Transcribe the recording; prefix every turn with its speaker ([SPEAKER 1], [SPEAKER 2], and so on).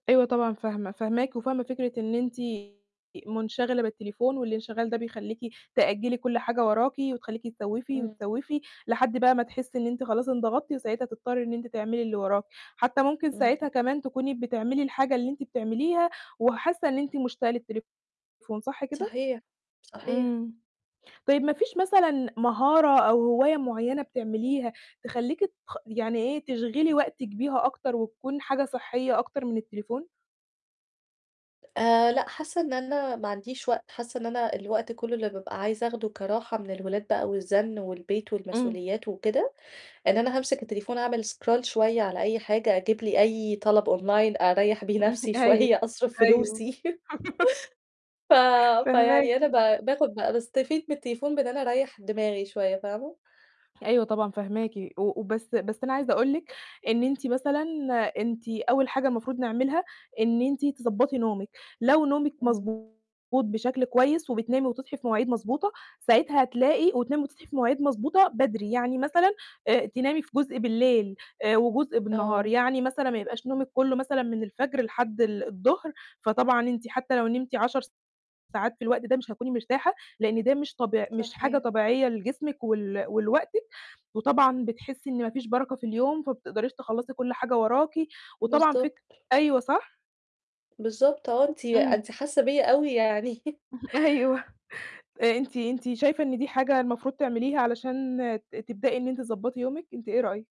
[SPEAKER 1] أيوه طبعًا فاهمة، فاهماكِ وفاهمة فكرة إن أنتِ منشغلة بالتليفون والإنشغال ده بيخليكِ تأجّلي كُلّ حاجة وراكِ، وتخليكِ تسوّفي
[SPEAKER 2] امم.
[SPEAKER 1] وتسوّفي، لحد بقى ما تحسي إن أنتِ خلاص انضغطتِ، وساعتها تضطّري إن أنتِ تعملي اللي وراكِ، حتى ممكن ساعتها
[SPEAKER 2] امم.
[SPEAKER 1] كمان تكوني بتعملي الحاجة اللي أنتِ بتعمليها، وحاسة إن أنتِ مشتاقة للتليفون صح كده؟
[SPEAKER 2] صحيح، صحيح.
[SPEAKER 1] امم. طيب مفيش مثلًا مهارة أو هواية معيّنة بتعمليها تخليكِ تـخ يعني إيه تشغِلِي وقتِك بيها أكتر وتكون حاجة صحّية أكتر من التليفون؟
[SPEAKER 2] آآ، لأ، حاسة إن أنا ما عنديش وقت، حاسة إن أنا الوقت كُلّه اللي بابقى عايزة أخدُه كراحة من الولاد بقى والزَنّ والبيت
[SPEAKER 1] امم.
[SPEAKER 2] والمسؤوليات وكده، إن أنا هامسك التليفون أعمل scroll شوية على أي حاجة، أجيب لي أي طَلَب online أريّح بيه نفسي
[SPEAKER 1] أيوه،
[SPEAKER 2] شوية، أصرِف
[SPEAKER 1] أيوه،
[SPEAKER 2] فلوسي. ف
[SPEAKER 1] فاهماكِ.
[SPEAKER 2] فيعني أنا ب باخد بقى باستفيد من التليفون بإن أنا أريّح دماغي شوية، فاهمه؟
[SPEAKER 1] أيوه طبعًا، فاهماكِ، و بس بس أنا عايزة أقول لِك إن أنتِ مثلًا، أنتِ أول حاجة المفروض نعملها إن أنتِ تضبّطي نومِك، لو نومِك
[SPEAKER 2] امم.
[SPEAKER 1] مضبوط بشكل كويس، وبتنامي وتصحي في مواعيد مضبوطة، ساعتها هتلاقي وتنامي وتصحي في مواعيد مضبوطة بدري، يعني مثلًا، آآ، تنامي في جزء بالليل، آآ، وجزء بالنهار،
[SPEAKER 2] آه.
[SPEAKER 1] يعني مثلًا ما يبقاش نومِك كُلُّه مثلًا من الفجر لحد ال الضهر، فطبعًا أنتِ حتى لو نمتِ 10 ساعات في الوقت ده مش هتكوني مرتاحة، لأن ده مش طبيع مش حاجة
[SPEAKER 2] صحيح.
[SPEAKER 1] طبيعية لجسمِك ول ولوقتِك، وطبعًا بتحسي إن مفيش بَرَكة في اليوم، فما بتقدريش تخلّصي كُلّ حاجة وراكِ، وطبعًا فك
[SPEAKER 2] بالضبط.
[SPEAKER 1] أيوه صح؟
[SPEAKER 2] بالضبط، آه، أنتِ
[SPEAKER 1] امم.
[SPEAKER 2] أنتِ حاسة بيّا أوي يعني
[SPEAKER 1] أيوه. آآ، أنتِ، أنتِ شايفة إن دي حاجة المفروض تعمليها علشان تبدئي إن أنتِ تضبّطي يومِك؟ أنتِ إيه رأيِك؟